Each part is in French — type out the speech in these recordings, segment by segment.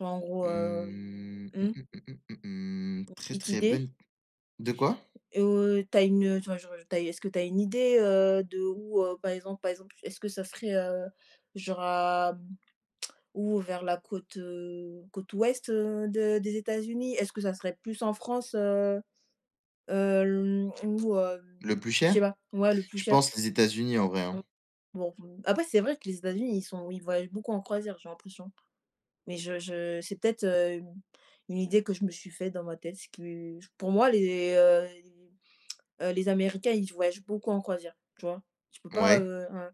Genre, en gros, Mmh, hem, mmh, mmh. mmh, mmh, mmh, mmh. [unintelligible] Très, Petite très bonne idée? de quoi? Heu, tu as une, heu, enfin genre, heu tu as, est-ce que tu as une idée, heu, d'où heu, par exemple, par exemple, est-ce que ça serait, heu, genre à, ou vers la côte, heu, côte ouest de des États-Unis? Est-ce que ça serait plus en France, heu? Hem ou heu, Le plus je sais cher? pas, ouais, le plus Je cher. pense les États-Unis, en vrai, Mmh. hein. Bon, mmh, après, c'est vrai que les États-Unis, ils sont ils voyagent beaucoup en croisière, j'ai l'impression. Mais je je c'est peut-être, heu, mmh, u une idée que je me suis faite dans ma tête, ce qui pour moi, les, heu, les, heu, les Américains, ils voyagent beaucoup en croisière, tu vois? Tu peux pas, Ouais. heu, ouais,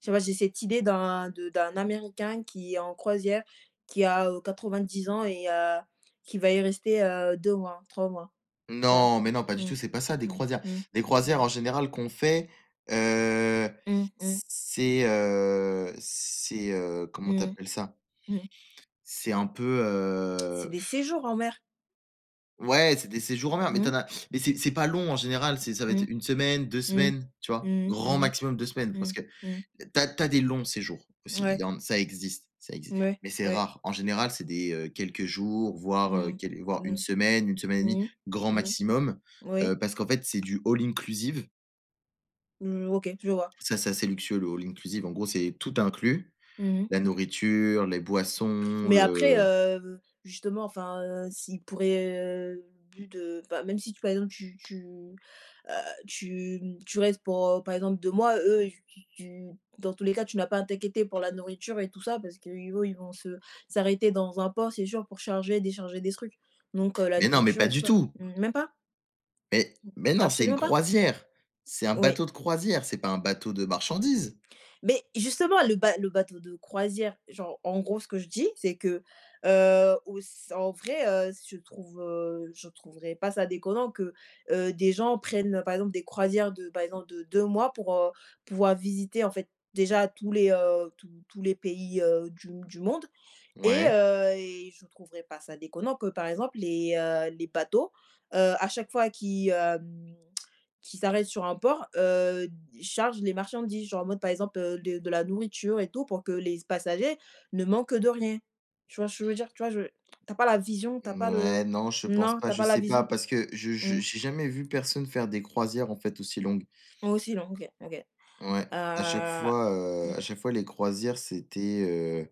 tu vois, j'ai cette idée d'un de d'un Américain qui est en croisière, qui a, heu, 90 ans et heu, qui va y rester, heu, 2 mois, 3 mois. Tu vois? Non, mais non, pas du Mmh. tout, c'est pas ça, des Mmh. croisières. Mmh. Les Mmh. croisières, en général qu'on fait, heu, Mmh. Mmh. c c'est, heu, c'est, heu, comment tu Mmh mh. appelles ça? Mmh. C'est un peu, C'est heu des séjours en mer. Ouais, c'est des séjours en mer, mais tu Mmh. en as mais c'est c'est pas long, en général, c'est ça va être Mmh. 1 semaine, 2 Mmh. semaines, tu vois? Mmh mh. Grand Mmh mh. maximum 2 semaines parce Mmh. que, Mmh. tu as tu as des longs séjours aussi. Il Ouais. y en ça existe, ça existe, Mouais, mais c'est ouais. rare. En général, c'est des, heu, quelques jours, voire, heu, Mmh quel voire mh. 1 Mmh. semaine, 1 semaine et 1/2, Mmh grand mh. Mmh. maximum, Oui. heu, parce qu'en fait, c'est du all inclusive Mmh. OK, je vois. ça, c'est assez luxueux le all inclusive, en gros, c'est tout inclus, Mmh mh. la nourriture, les boissons, Mais après le heu, justement, enfin, heu, s'ils pourraient, heu, vu de ben, même si, par exemple, tu tu, heu, tu, mmh, tu restes pour, heu, par exemple, 2 mois, eux, tu tu, dans tous les cas, tu n'as pas à t'inquiéter pour la nourriture et tout ça parce qu'eux, ils vont se s'arrêter dans un port, c'est sûr, pour charger, décharger des trucs. Donc heu, la Mais non, mais nourriture pas et tout du ça. tout M même pas? mais, Mmh, mais non, c'est une absolument pas? croisière, c'est un Oui. bateau de croisière, c'est pas un bateau de marchandises. Beh, justement, le ba le bateau de croisière, genre, en gros, ce que je dis, c'est que, heu, auss en vrai, heu, ce je trouve, heu, je trouverais pas ça déconnant que, heu, des gens prennent, heu, par exemple des croisières de par exemple de 2 mois pour, heu, pouvoir visiter, en fait, déjà tous les, heu, tous tous les pays, heu, du du monde et Ouais. heu et je trouverais pas ça déconnant que, par exemple, les, heu, les bateaux, heu, à chaque fois qu'ils, hem, qu'ils s'arrêtent sur un port, heu, d chargent les marchandises, genre, en mode, par exemple, heu, de de la nourriture et tout pour que les c passagers ne manquent de rien. Tu vois ce que veux dire? Tu vois, je tu as pas la vision, tu as pas le Mouais, non, je pense non, pas. tu as Je pas la sais pas vision? parce que je je je Mmh. j'ai jamais vu personne faire des croisières, en fait, aussi longues Au aussi longues, OK. OK. ouais, à chaque Heu fois, heu, à chaque Mmh fois les croisières, c'était heu